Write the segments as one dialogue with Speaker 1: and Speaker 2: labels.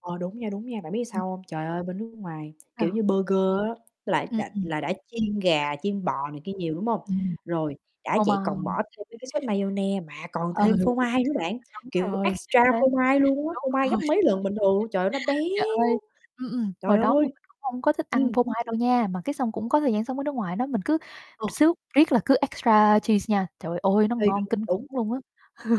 Speaker 1: Ờ, đúng nha, đúng nha. Bạn biết
Speaker 2: Ừm.
Speaker 1: sao hông? Trời ơi bên nước ngoài, kiểu
Speaker 2: Sao?
Speaker 1: như, burger á là
Speaker 2: Ừm, ừm.
Speaker 1: đã là đã chiên gà, chiên bò này kia nhiều, đúng hông?
Speaker 2: Ừm,
Speaker 1: Rồi, đã
Speaker 2: phô mai
Speaker 1: vậy còn
Speaker 2: hả?
Speaker 1: bỏ thêm mấy cái sốt maiyonnaise mà còn
Speaker 2: Ờ,
Speaker 1: thêm phô mai nữa bạn,
Speaker 2: đúng
Speaker 1: kiểu,
Speaker 2: rồi,
Speaker 1: extra
Speaker 2: chính xác,
Speaker 1: phô mai luôn á,
Speaker 2: đúng
Speaker 1: phô
Speaker 2: rồi.
Speaker 1: mai gấp mấy lần bình thường luôn. Trời ơi, nó
Speaker 2: Trời ơi,
Speaker 1: béo.
Speaker 2: ừm, ừm, hồi
Speaker 1: Trời
Speaker 2: đó mà
Speaker 1: ơi!
Speaker 2: mình cũng hông có thích ăn
Speaker 1: Ừm.
Speaker 2: phô mai đâu nha, mà cái xong cũng có thời gian sống ở nước ngoài đó, mình cứ
Speaker 1: Ờ.
Speaker 2: xước riết là cứ extra cheese nha, trời ơi, nó
Speaker 1: Ê,
Speaker 2: ngon
Speaker 1: đúng,
Speaker 2: kinh
Speaker 1: đúng.
Speaker 2: khủng luôn á.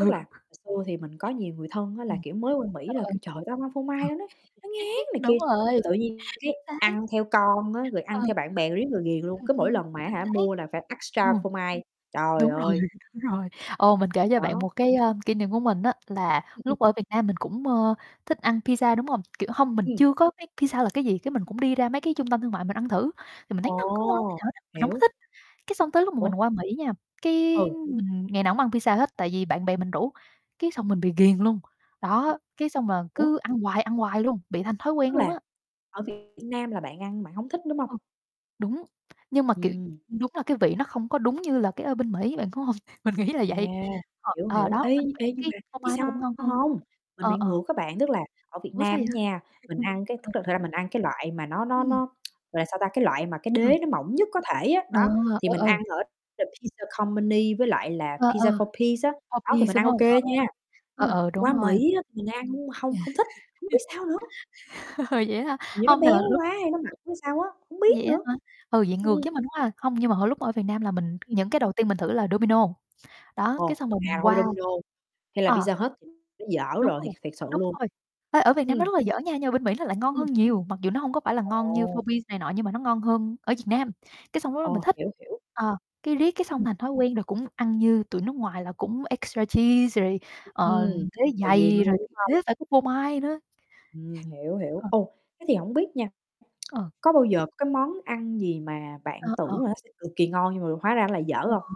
Speaker 1: Tức là hồi xưa thì mình có nhiều người thân á là,
Speaker 2: Ừm.
Speaker 1: kiểu, mới qua Mỹ
Speaker 2: Trời
Speaker 1: là
Speaker 2: ơi.
Speaker 1: kêu: "Trời, tao hông ăn phô
Speaker 2: Ừ.
Speaker 1: mai, nó nó nó ngán" này
Speaker 2: Đúng
Speaker 1: kia,
Speaker 2: rồi.
Speaker 1: rồi tự nhiên cái
Speaker 2: Chính xác.
Speaker 1: ăn theo con á, rồi
Speaker 2: Ừ,
Speaker 1: ăn
Speaker 2: ừ.
Speaker 1: theo bạn bè rồi riết rồi ghiền luôn,
Speaker 2: Ừm,
Speaker 1: cứ mỗi
Speaker 2: ừm.
Speaker 1: lần mà, á
Speaker 2: Chính
Speaker 1: hả,
Speaker 2: xác.
Speaker 1: mua là phải extra
Speaker 2: Ồ.
Speaker 1: phô mai, trời
Speaker 2: Đúng rồi,
Speaker 1: ơi!
Speaker 2: đúng rồi, ồ, mình kể cho bạn
Speaker 1: Đó.
Speaker 2: một cái, ơ, kỷ niệm của mình á là
Speaker 1: Ừm, ừm.
Speaker 2: lúc ở Việt Nam mình cũng, ơ, thích ăn pizza, đúng hông? Kiểu, hông mình
Speaker 1: Ừm.
Speaker 2: chưa có biết pizza là cái gì, cái mình cũng đi ra mấy cái trung tâm thương mại mình ăn thử, thì mình thấy nó hông có ngon tí
Speaker 1: Ồ,
Speaker 2: nào hết á, mình hông có
Speaker 1: hiểu.
Speaker 2: thích. Cái xong tới lúc mà
Speaker 1: Ủa?
Speaker 2: mình qua Mỹ nha, cái
Speaker 1: Ừ.
Speaker 2: mình ngày nào cũng ăn pizza hết tại vì bạn bè mình rủ, cái xong mình bị ghiền luôn,
Speaker 1: À,
Speaker 2: đó. Cái xong là
Speaker 1: ủa?
Speaker 2: cứ ăn hoài, ăn hoài luôn, bị thành thói
Speaker 1: Tức
Speaker 2: quen luôn á.
Speaker 1: là ở Việt Nam là bạn ăn bạn hông thích, đúng hông?
Speaker 2: Ừm. Đúng, nhưng mà, kiểu,
Speaker 1: Ừm.
Speaker 2: đúng là cái vị nó không có đúng như là cái ở bên Mỹ, bạn có hông? Mình nghĩ là
Speaker 1: À,
Speaker 2: vậy,, ờ,
Speaker 1: hiểu,
Speaker 2: ờ,
Speaker 1: hiểu.
Speaker 2: đó
Speaker 1: Ê,
Speaker 2: bên Mỹ
Speaker 1: ê, nhưng
Speaker 2: cái
Speaker 1: mà
Speaker 2: phô
Speaker 1: biết
Speaker 2: mai nó
Speaker 1: sao
Speaker 2: cũng ngon hơn,
Speaker 1: hông? Mình
Speaker 2: ờ,
Speaker 1: bị
Speaker 2: ờ.
Speaker 1: ngược á bạn, tức là ở Việt
Speaker 2: Ủa, sao
Speaker 1: Nam á
Speaker 2: vậy?
Speaker 1: nha, mình
Speaker 2: Ừm,
Speaker 1: ăn cái
Speaker 2: ờ.
Speaker 1: thực thực ra mình ăn cái loại mà nó nó
Speaker 2: Ừm.
Speaker 1: nó, gọi là, sao ta, cái loại mà cái
Speaker 2: Ừm.
Speaker 1: đế nó mỏng nhất có thể á,
Speaker 2: Ờ,
Speaker 1: đó, thì
Speaker 2: ờ,
Speaker 1: mình
Speaker 2: ờ.
Speaker 1: ăn ở The Pizza Company với lại là
Speaker 2: Ờ,
Speaker 1: Pizza
Speaker 2: ờ,
Speaker 1: 4P's á, đó thì
Speaker 2: 4P's,
Speaker 1: mình
Speaker 2: đúng
Speaker 1: ăn ô
Speaker 2: hông? Ờ,
Speaker 1: kê
Speaker 2: rồi.
Speaker 1: nha, nhưng
Speaker 2: Ờ,
Speaker 1: mà
Speaker 2: ờ, đúng
Speaker 1: qua
Speaker 2: rồi.
Speaker 1: Mỹ á mình ăn hông không thích, hông biết sao nữa.
Speaker 2: Vậy hả?
Speaker 1: Hình như nó
Speaker 2: Hông, thật ra
Speaker 1: béo
Speaker 2: lúc
Speaker 1: quá hay nó mặn
Speaker 2: lúc
Speaker 1: hay sao á, hông
Speaker 2: Vậy
Speaker 1: biết
Speaker 2: á
Speaker 1: nữa.
Speaker 2: hả? Ừ, vậy ngược
Speaker 1: ừm.
Speaker 2: với mình quá ha. Không, nhưng mà hồi lúc ở Việt Nam là mình
Speaker 1: Ừm.
Speaker 2: những cái đầu tiên mình thử là Domino's, đó, cái
Speaker 1: Ồ,
Speaker 2: xong rồi
Speaker 1: à,
Speaker 2: mình
Speaker 1: Do
Speaker 2: qua
Speaker 1: Domino's hay là
Speaker 2: ờ.
Speaker 1: Pizza Hut thì nó dở
Speaker 2: Đúng
Speaker 1: rồi, thiệt
Speaker 2: rồi,
Speaker 1: thiệt sự
Speaker 2: đúng
Speaker 1: luôn.
Speaker 2: rồi, ê, ở Việt Nam nó
Speaker 1: Ừm.
Speaker 2: rất là dở nha nhưng ở bên Mỹ nó lại ngon hơn
Speaker 1: Ừm.
Speaker 2: nhiều, mặc dù nó hông có phải là ngon như
Speaker 1: Ồ.
Speaker 2: 4P's này nọ nhưng mà nó ngon hơn ở Việt Nam. Cái xong lúc đó mình
Speaker 1: Ồ,
Speaker 2: thích,
Speaker 1: hiểu, hiểu.
Speaker 2: ờ, cái riết cái xong
Speaker 1: Ừm.
Speaker 2: thành thói quen rồi cũng ăn như tụi nước ngoài là cũng extra cheese rồi, ờ,
Speaker 1: Ừm,
Speaker 2: đế
Speaker 1: rồi ghiền
Speaker 2: dày
Speaker 1: luôn,
Speaker 2: rồi
Speaker 1: đúng
Speaker 2: đế
Speaker 1: hông?
Speaker 2: phải có phô mai nữa.
Speaker 1: Ừm, hiểu, hiểu.
Speaker 2: Ờ.
Speaker 1: Ồ, thế thì hổng biết nha,
Speaker 2: Ừ.
Speaker 1: có bao giờ có cái món ăn gì mà
Speaker 2: Ờ,
Speaker 1: bạn
Speaker 2: ờ.
Speaker 1: tưởng là nó sẽ cực kỳ ngon nhưng mà hóa ra nó lại dở
Speaker 2: Ờ.
Speaker 1: hông?